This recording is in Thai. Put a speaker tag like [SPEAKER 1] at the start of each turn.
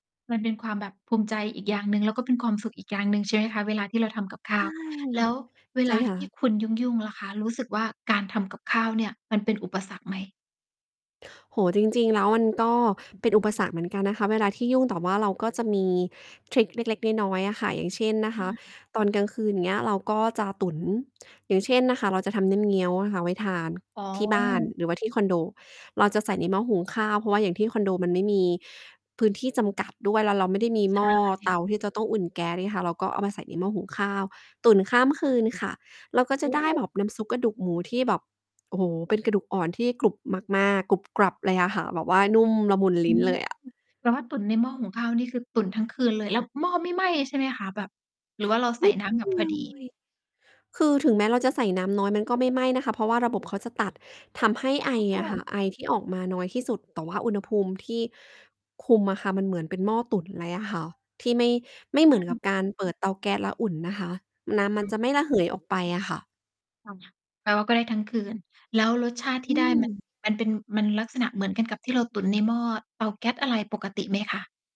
[SPEAKER 1] มันเป็นความแบบภูมิใจอีกอย่างหนึ่ง แล้วก็เป็นความสุขอีกอย่างหนึ่ง ใช่ไหมคะ เวลาที่เราทำกับข้
[SPEAKER 2] ใช
[SPEAKER 1] า
[SPEAKER 2] ่
[SPEAKER 1] ว แล้ว เว
[SPEAKER 2] ใช่
[SPEAKER 1] ลา
[SPEAKER 2] ค
[SPEAKER 1] ท
[SPEAKER 2] ่
[SPEAKER 1] ี่
[SPEAKER 2] ะ
[SPEAKER 1] คุณยุ่ง ๆ ล่ะคะ รู้สึกว่าการทำกับข้าวเนี่ยมันเป็นอุปสรรคไหม?
[SPEAKER 2] โอ้โฮ จริง ๆ แล้วมันก็
[SPEAKER 1] อืม
[SPEAKER 2] เป็นอุปสรรคเหมือนกันนะคะ เวลาที่ยุ่ง แต่ว่าเราก็จะมีทริกเล็ก ๆ น้อย ๆ อะค่ะ อย่างเช่นนะ
[SPEAKER 1] อ
[SPEAKER 2] คะ
[SPEAKER 1] า
[SPEAKER 2] ตอนกลางคืน อย่างเงี้ย เราก็จะตุ๋น อย่างเช่นนะคะ เราจะทำน้ำเงี้ยวอะค่ะ ไว้ทาน
[SPEAKER 1] อ๋อ
[SPEAKER 2] ที่บ้าน หรือว่าที่คอนโดเราจะใส
[SPEAKER 1] ค
[SPEAKER 2] ่
[SPEAKER 1] ่ะ
[SPEAKER 2] ในหม้อหุงข้าว เพราะว่าอย่างที่คอนโด มันไม่มี พื้นที่จำกัดด้วย แล้วเราไม
[SPEAKER 1] อ
[SPEAKER 2] ่
[SPEAKER 1] ื
[SPEAKER 2] ได
[SPEAKER 1] ม
[SPEAKER 2] ้มีหม้อ
[SPEAKER 1] ใช
[SPEAKER 2] เต
[SPEAKER 1] ่
[SPEAKER 2] าที่จะต้องอุ่นแก๊สไงค่ะ เราก็เอามาใส่ในหม้อหุงข้าวตุ๋นข้ามคืนค่ะ เราก็จ
[SPEAKER 1] โอ
[SPEAKER 2] ะ
[SPEAKER 1] ้
[SPEAKER 2] ได้แบบน้ำซุปกระดูกหมูที่แบบ โอ้โฮ เป็นกระดูกอ่อนที่กรุบมาก ๆ กรุบกรับเลยอะค่ะ แบบว่านุ่มละมุน
[SPEAKER 1] อ
[SPEAKER 2] ล
[SPEAKER 1] ื
[SPEAKER 2] ิ้น
[SPEAKER 1] ม
[SPEAKER 2] เลยอะ
[SPEAKER 1] เรา ว่าตุ๋นในหม้อหุงข้าวนี่คือตุ๋นทั้งคืนเลย แล้วหม้อไม่ไหม้ใช่ไหมคะ? แบบ หรือว่าเราใส
[SPEAKER 2] ไม
[SPEAKER 1] ่
[SPEAKER 2] ่
[SPEAKER 1] น้ำ
[SPEAKER 2] เ
[SPEAKER 1] แ
[SPEAKER 2] ป
[SPEAKER 1] บ
[SPEAKER 2] ล
[SPEAKER 1] บ
[SPEAKER 2] ื
[SPEAKER 1] พอ
[SPEAKER 2] อง
[SPEAKER 1] ดี
[SPEAKER 2] เลย คือถึงแม้เราจะใส่น้ำน้อยมันก็ไม่ไหม้นะคะ เพราะว่าระบบเขาจะตัดทำให้ไอ
[SPEAKER 1] อ๋
[SPEAKER 2] อะค่ะ
[SPEAKER 1] อ
[SPEAKER 2] ไอที่ออกมาน้อยที่สุด แต่ว่าอุณหภูมิที่ คุมอะค่ะ มันเหมือนเป็นหม้อตุ๋นเลยอะค่ะ ที่ไม่ ไม่
[SPEAKER 1] อ
[SPEAKER 2] เ
[SPEAKER 1] ื
[SPEAKER 2] หมือนกับ
[SPEAKER 1] ม
[SPEAKER 2] การเปิดเตาแก๊สแล้วอุ่นนะคะ น้ำม
[SPEAKER 1] อ
[SPEAKER 2] ัน
[SPEAKER 1] ื
[SPEAKER 2] จะไม่ระเห
[SPEAKER 1] ม
[SPEAKER 2] ยออกไปอะค่ะ
[SPEAKER 1] อ้อ แปลว่าก็ได้ทั้งคืน แล้วรสชาติท
[SPEAKER 2] อ
[SPEAKER 1] ี่
[SPEAKER 2] ื
[SPEAKER 1] ได้ มัน
[SPEAKER 2] ม
[SPEAKER 1] มันเป็น มันลักษณะเหมือนกันกับที่เราตุ๋นในหม้อเตาแก๊สอะไรปกติไหมคะ?